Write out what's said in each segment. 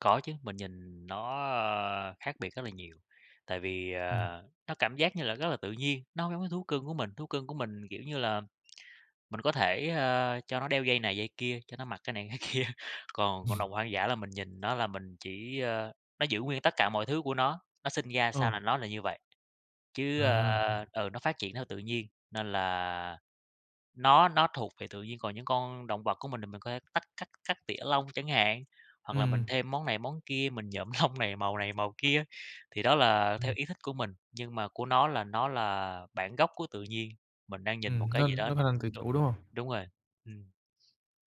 Có chứ, mình nhìn nó, a, khác biệt rất là nhiều, tại vì, Ừm. à, nó cảm giác như là rất là tự nhiên, nó hông giống cái thú cưng của mình, thú cưng của mình, kiểu như là, mình có thể, ơ, cho nó đeo dây này dây kia, cho nó mặc cái này cái kia, còn cộng đồng hoang dã là mình nhìn nó là mình chỉ, ơ nó giữ nguyên tất cả mọi thứ của nó, nó sinh ra Ờ. sao là nó là như vậy. Chứ, À, ơ, thì ừ, nó phát triển theo tự nhiên, nên là nó nó thuộc về tự nhiên còn những con động vật của mình thì mình có thể tắt cắt cắt tỉa lông chẳng hạn, hoặc là mình Ừm. thêm món này món kia, mình nhuộm lông này, màu này màu kia, thì đó là theo ý thích của mình, nhưng mà của nó là nó là bản gốc của tự nhiên, mình đang nhìn Ừm, một cái nó gì đó, nó khả năng tự ừm, đúng, chủ, đúng không? đúng rồi, ừm.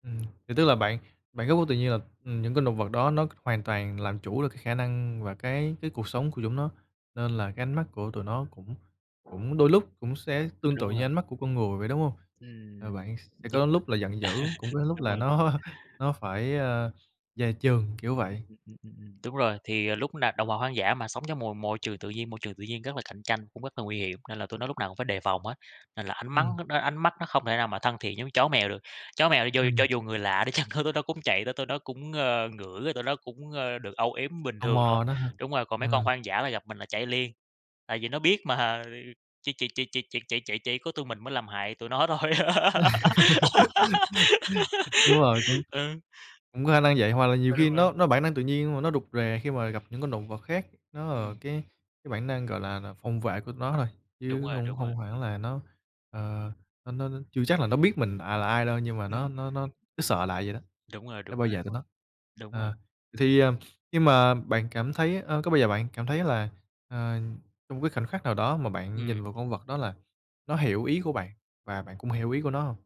Ừm, thì tức là bạn bản gốc của tự nhiên, là, ừm, những cái động vật đó nó c hoàn toàn làm chủ được cái khả năng và cái cái cuộc sống của chúng nó, nên là cái ánh mắt của tụi nó cũng cũng đôi lúc cũng sẽ tương tự Đúng như rồi. ánh mắt của con người vậy, đúng hông? À, Ừm, bạn sẽ đúng có rồi. lúc là giận dữ, cũng có cái lúc Đúng là rồi. nó nó phải, a, dè chừng, kiểu Ừm, vậy. ừm, ừm, ừm, ừm, đúng rồi, thì, à, lúc nào động vật hoang dã mà sống trong mồi môi trường tự nhiên môi trường tự nhiên rất là cạnh tranh cũng rất là nguy hiểm. Nên là tụi nói lúc nào cũng phải đề phòng hết, nên là ánh mắng Ừm. lúc đó ánh mắt nó không thể nào mà thân thiện giống chó mèo được, chó mèo cho cho Ừm. dù người lạ đi chăng hơn nữa nó cũng chạy rồi tụi nó cũng, ơ, ngửi cái tụi đó cũng, ơ, được âu yếm bình Tò thường thôi, mò đó hả? đúng rồi, còn mấy con Ừm. hoang dã là gặp mình là chạy liền, tại vì nó biết mà, ừ, chỉ chỉ chỉ chỉ chỉ chỉ chỉ chỉ có tụi mình mới làm hại tụi nó thôi Đúng rồi, cũng ừ. cũng có khả năng vậy, hoặc là nhiều Ừ, đúng khi rồi. nó nó bản năng tự nhiên mà nó rụt rè khi mà gặp những con động vật khác, nó là Ừm. cái cái bản năng, gọi là là, phòng vệ của tụi nó rồi, Đúng chứ rồi, hông đúng rồi. hông hẳn là nó, ờ, nó nó nó chưa chắc là nó biết mình, à, là ai đâu nhưng mà nó Ừm. nó nó nó sợ lạ vậy đó, Đúng rồi, nó đúng bảo rồi, vệ tụi đúng rồi, nó. đúng rồi. À, thì, ừm, nhưng mà bạn cảm thấy, a, có bao giờ bạn cảm thấy là, ờ, trong cái khoảnh khắc nào đó mà bạn Ừm. nhìn vào con vật đó là nó hiểu ý của bạn, và bạn cũng hiểu ý của nó hông?